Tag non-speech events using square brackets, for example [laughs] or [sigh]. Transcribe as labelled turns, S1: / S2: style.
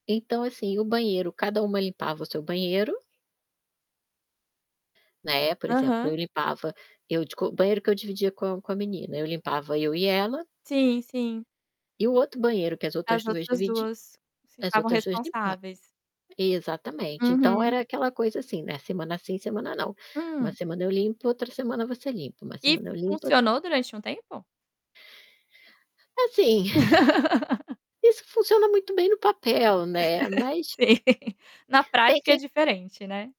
S1: Então, assim, o banheiro cada uma limpava o seu banheiro. Né, por exemplo,
S2: Aham.
S1: eu limpava, eu de co o banheiro que eu dividia com a com a menina. Eu limpava, eu e ela.
S2: Sim, sim.
S1: E o outro banheiro que as outras
S2: As
S1: 2
S2: outras
S1: dividi
S2: 2
S1: as
S2: ficavam
S1: outras 2 limpa
S2: responsáveis.
S1: Exatamente. Então,
S2: Uhum.
S1: era aquela coisa, assim, né, semana sim, semana não. "Uma
S2: Hum?
S1: semana eu limpo, outra semana você limpa, uma
S2: E f
S1: semana eu limpo, outra"
S2: funcionou durante um tempo?
S1: Assim,
S2: [laughs]
S1: [exhales] isso funciona muito bem no papel, né,
S2: [laughs]
S1: mas
S2: Sim. Na
S1: tem
S2: prática é
S1: sem
S2: diferente, né.